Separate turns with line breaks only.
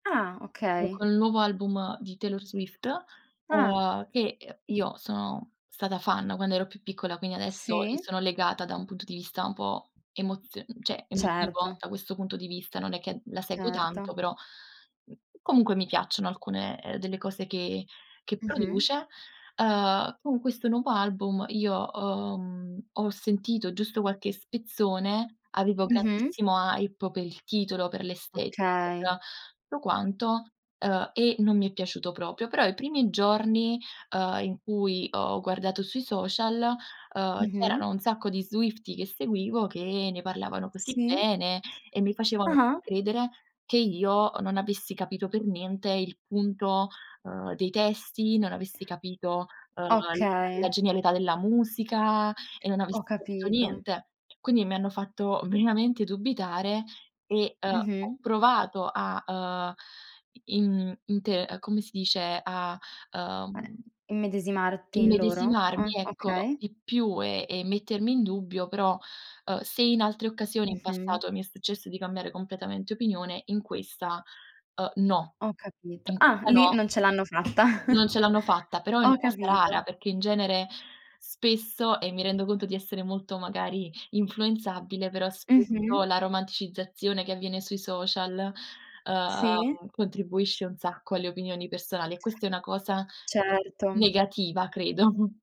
Ah,
O
okay.
col nuovo album di Taylor Swift,
Ah.
uhm, che, uhm, io sono stata fan quando ero più piccola, quindi adesso ci
Sì?
sono legata, da un punto di vista un po' emozio cioè, emotivo,
Certo.
da questo punto di vista, non è che la seguo tanto,
Certo.
però, mhmm, comunque mi piacciono alcune delle cose che che
Mh-mh.
produce. Uhm, con questo nuovo album, io ho mhmm, ho sentito giusto qualche spezzone, avevo
Mh-mh.
grandissima hype per il titolo, per l'estetica, per
Okay.
tutto quanto, uhm, e non mi è piaciuto proprio. Però, i primi giorni, uhm, in cui ho guardato sui social, uhm, c'erano
Mh-mh.
un sacco di swiftie che seguivo, che ne parlavano così
Sì.
bene, e mi facevano
Ah-ah.
credere che io non avessi capito per niente, il punto, uhm, dei testi, non avessi capito, uhm, la la la
Okay.
genialità della musica, e non avessi
Ho
capito
capito.
niente. Quindi mi hanno fatto veramente dubitare e, uhm, ho
Mh-mh.
provato a, uhm, in inte come si dice, a,
Eh,
uhm
immedesimarti in loro?
immedesimarmi,
Ah,
ecco,
okay.
di più, e e mettermi in dubbio, però, uhm, se in altre occasioni in
Mh-mh.
passato mi è successo di cambiare completamente opinione, in questa, uhm, no,
Ho capito.
in
Ah
questa
lì
no.
non ce l'hanno fatta.
Non ce l'hanno fatta, però è
Ho
una cosa rara,
capito.
perché in genere, spesso e mi rendo conto di essere molto magari influenzabile, però spesso,
Mh-mh.
la romanticizzazione che avviene sui social,
Sì.
uhm, contribuisce un sacco alle opinioni personali, e questa è una cosa,
Certo.
negativa credo.